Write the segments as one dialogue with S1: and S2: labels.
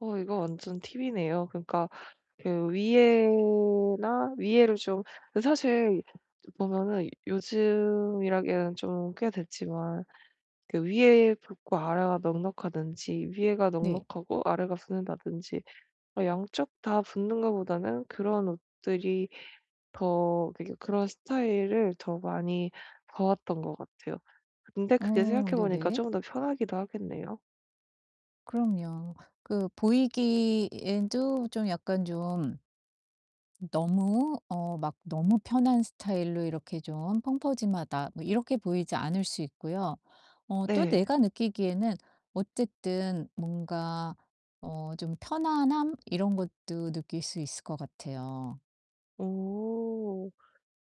S1: 어 이거 완전 팁이네요. 그러니까 그 위에나 위에를 좀 그 사실 좀 보면은 요즘이라기에는 좀 꽤 됐지만 그 위에 붙고 아래가 넉넉하든지 위에가
S2: 네.
S1: 넉넉하고 아래가 붙는다든지 어 양쪽 다 붙는 거보다는 그런 옷들이 더 그게 그런 스타일을 더 많이 봐 왔던 것 같아요. 근데 그게
S2: 어
S1: 생각해 보니까
S2: 네네.
S1: 좀 더 편하기도 하겠네요.
S2: 그럼요. 그 보이기에도 좀 약간 좀 너무 어 막 너무 편한 스타일로 이렇게 좀 '펑퍼짐하다.' 뭐 이렇게 보이지 않을 수 있고요. 어 또
S1: 네.
S2: 내가 느끼기에는 어쨌든 뭔가 어 좀 편안함 이런 것도 느낄 수 있을 것 같아요.
S1: 오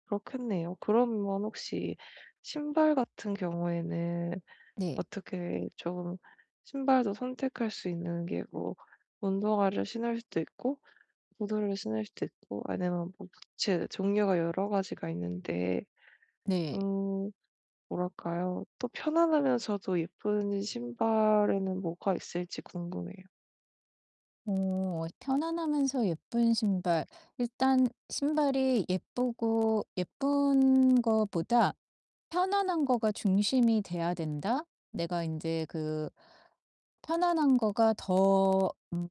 S1: 그렇겠네요. 그러면 혹시 신발같은 경우에는
S2: 네.
S1: 어떻게 좀 신발도 선택할 수 있는 게 뭐 운동화를 신을 수도 있고 구두를 신을 수도 있고 아니면 뭐 부츠 종류가 여러 가지가 있는데
S2: 네.
S1: 음 뭐랄까요? 또 편안하면서도 예쁜 신발에는 뭐가 있을지 궁금해요.
S2: 어 편안하면서 예쁜 신발. 일단 신발이 예쁘고 예쁜 거보다 편안한 거가 중심이 돼야 된다. 내가 인제 그 '편안한 거가 더 음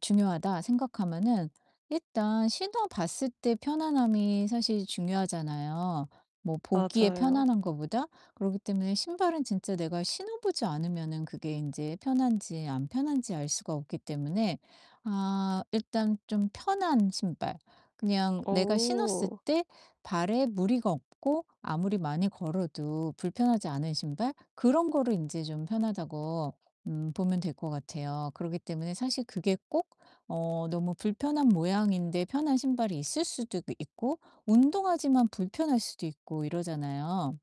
S2: 중요하다.' 생각하면은 일단 신어 봤을 때 편안함이 사실 중요하잖아요, 뭐 보기에
S1: 맞아요.
S2: 편안한 거보다. 그렇기 때문에 신발은 진짜 내가 신어 보지 않으면은 그게 인제 편한지 안 편한지 알 수가 없기 때문에 아 일단 좀 편한 신발 그냥 내가 신었을
S1: 어.
S2: 때 발에 무리가 없고 아무리 많이 걸어도 불편하지 않은 신발 그런 거를 인제 좀 편하다고 음 보면 될 것 같아요. 그러기 때문에 사실 그게 꼭 어 너무 불편한 모양인데 편한 신발이 있을 수도 있고 운동화지만 불편할 수도 있고 이러잖아요.